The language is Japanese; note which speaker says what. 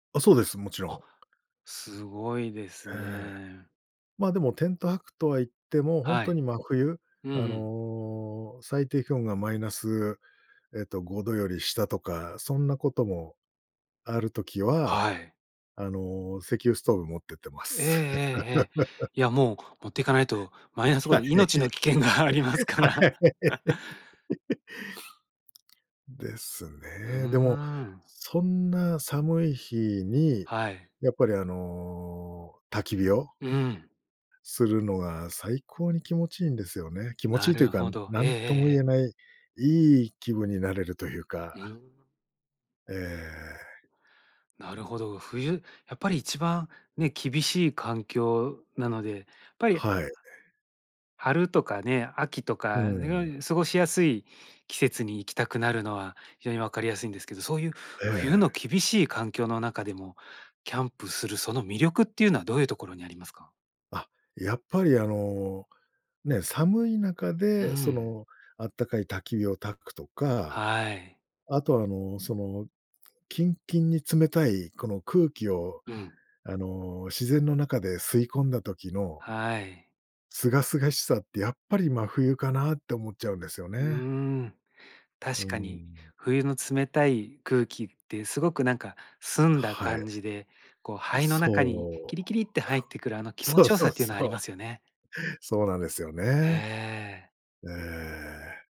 Speaker 1: あ、そうです、もちろ
Speaker 2: あ、
Speaker 1: ん。
Speaker 2: すごいです
Speaker 1: ええ、
Speaker 2: ね。
Speaker 1: ま、でも、テント泊とは言っても、本
Speaker 2: は
Speaker 1: 当
Speaker 2: い。
Speaker 1: に真冬、
Speaker 2: うんう
Speaker 1: あ
Speaker 2: ん。
Speaker 1: の、最低気温がマイナス、えっと、5度より下とか、そんなことも、ある時は、
Speaker 2: はい。
Speaker 1: あの、石油ストーブ持ってってま
Speaker 2: ええええ
Speaker 1: す。
Speaker 2: ええ。いや、もう持っていかないと、マイナスご
Speaker 1: はい。
Speaker 2: ど、命の危険がありますから。
Speaker 1: はい。です
Speaker 2: う
Speaker 1: ね。でも、
Speaker 2: ん。
Speaker 1: そんな寒い日に
Speaker 2: はい。
Speaker 1: やっぱりあの、焚き火を
Speaker 2: うーん。
Speaker 1: するのが最高に気持ちいいんですよね気持ち
Speaker 2: な
Speaker 1: いいという
Speaker 2: る
Speaker 1: か、
Speaker 2: ほど、
Speaker 1: な
Speaker 2: え
Speaker 1: んとも言え
Speaker 2: え。
Speaker 1: ないいい気分になれるというか。
Speaker 2: うん。
Speaker 1: ええ。
Speaker 2: なるほど。冬やっぱり一番ね、厳しい環境なので、ぱゆ
Speaker 1: はい。
Speaker 2: 春とかね、秋と
Speaker 1: う
Speaker 2: か
Speaker 1: ん。
Speaker 2: 過ごしやすい季節に行きたくなるのは、非常に分かりやすいんですけど、そういう
Speaker 1: え
Speaker 2: 冬の
Speaker 1: え。
Speaker 2: 厳しい環境の中でも、キャンプするその魅力っていうのはどういうところにありますか？
Speaker 1: あ、やっぱりあの、ね、寒い中
Speaker 2: う
Speaker 1: でそ
Speaker 2: ん。
Speaker 1: の暖かい焚き火を焚くとか。
Speaker 2: はい。
Speaker 1: あとはあの、その、キンキンに冷たいこの空気を
Speaker 2: うん。
Speaker 1: あの、自然の中で吸い込んだ時の
Speaker 2: はい。
Speaker 1: 清々しさってやっぱり真冬かなって思っちゃうんですよ
Speaker 2: う
Speaker 1: ね。
Speaker 2: ん。
Speaker 1: う
Speaker 2: 確かに。
Speaker 1: ん。
Speaker 2: 冬の冷たい空気ってすごくなんか澄んだ
Speaker 1: はい。
Speaker 2: 感じで、こう
Speaker 1: う、
Speaker 2: 肺の中に
Speaker 1: そ
Speaker 2: キ
Speaker 1: う。
Speaker 2: リキリって入ってくるあの 気持
Speaker 1: そう
Speaker 2: ちよ
Speaker 1: そ
Speaker 2: さ
Speaker 1: う
Speaker 2: っていうの
Speaker 1: そ
Speaker 2: はあり
Speaker 1: う。
Speaker 2: ますよね。
Speaker 1: そうなんですよ
Speaker 2: へ
Speaker 1: ね。
Speaker 2: え。
Speaker 1: ええ。